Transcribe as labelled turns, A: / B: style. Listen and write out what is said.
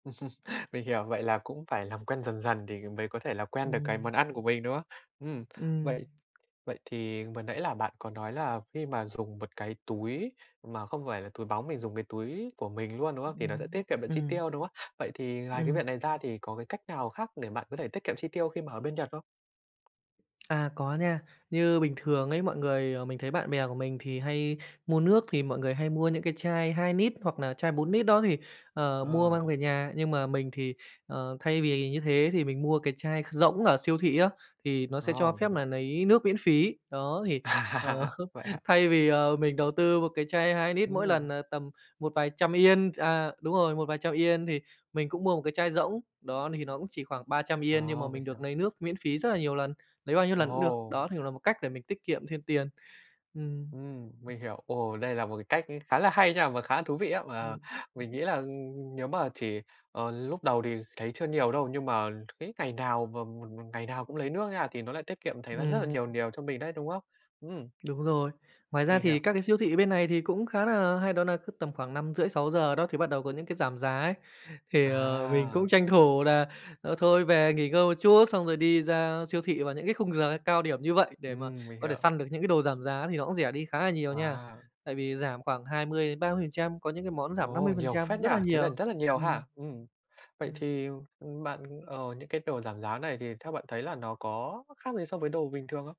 A: Mình hiểu, vậy là cũng phải làm quen dần dần thì mới có thể là quen được cái
B: Ừm.
A: món ăn của mình, đúng không? Ừm,
B: Ừm.
A: vậy vậy thì vừa nãy là bạn có nói là khi mà dùng một cái túi mà không phải là túi bóng, mình dùng cái túi của mình luôn, đúng không? Thì nó sẽ tiết
B: Ừm,
A: kiệm được chi
B: ừm.
A: tiêu, đúng không? Vậy thì ngoài cái
B: Ừm.
A: việc này ra thì có cái cách nào khác để bạn có thể tiết kiệm chi tiêu khi mà ở bên Nhật không?
B: À, có nha. Như bình thường ấy, mọi người mình thấy bạn bè của mình thì hay mua nước thì mọi người hay mua những cái chai 2 nít hoặc là chai 4 nít đó thì, ờ, mua
A: Ờ.
B: mang về nhà. Nhưng mà mình thì, ờ, thay vì như thế thì mình mua cái chai kh rỗng ở siêu thị á, thì nó sẽ
A: Ồ,
B: cho
A: mình
B: phép
A: hiểu.
B: nà lấy nước miễn phí. Đó, thì, ờ,
A: À, vậy hả?
B: thay vì, à, mình đầu tư một cái chai 2 nít mỗi lần
A: Ừm.
B: là tầm một vài trăm Yên à, đúng rồi, một vài trăm Yên thì mình cũng mua một cái chai rỗng, đó, thì nó cũng chỉ khoảng 300 Yên nhưng mà
A: Ờ, mình
B: mình được
A: hiểu.
B: nấy nước miễn phí rất là nhiều lần, lấy bao nhiêu lần cũng được.
A: Ồ!
B: Đó, thì là một cách để mình tiết kiệm thêm tiền. Ừm.
A: Ừm, mình hiểu. Ồ, đây là một cái cách khá là hay nha và khá là thú vị á, mà
B: Ừm.
A: mình nghĩ là nếu mà chỉ, ờ, lúc đầu thì thấy chưa nhiều đâu, nhưng mà cái ngày nào mà mà mà ngày nào cũng lấy nước nha thì nó lại tiết kiệm thành ra rất là
B: Ừm.
A: nhiều nhiều cho mình đấy, đúng không? Ừm.
B: Đúng rồi. Ngoài ra
A: Mình
B: thì
A: hiểu.
B: các cái siêu thị bên này thì cũng khá nà hay, đó nà cứ tầm khoảng 5:30- 6:00 đó thì bắt đầu có những cái giảm giá ấy, thì, ờ, mình cũng
A: À!
B: tranh thủ nà, ờ, thôi về nghỉ ngơi một chút, xong rồi đi ra siêu thị vào những cái khung giờ cao điểm như vậy để mà
A: Ừm, mình
B: có thể
A: hiểu.
B: săn được những cái đồ giảm giá, thì nó cũng rẻ đi khá là nhiều nha.
A: Wow!
B: Tại vì giảm khoảng 20-30%, có những cái món giảm năm mươi
A: Ồ,
B: phần
A: nhiều
B: trăm,
A: phết nhỉ!
B: rất là
A: Thế là
B: nhiều.
A: rất là nhiều
B: Ừm.
A: ha! Ừm, vậy
B: Ừm.
A: thì, ừm, bạn ờ, những cái đồ giảm giá này thì theo bạn thấy là nó có khác gì so với đồ bình thường không?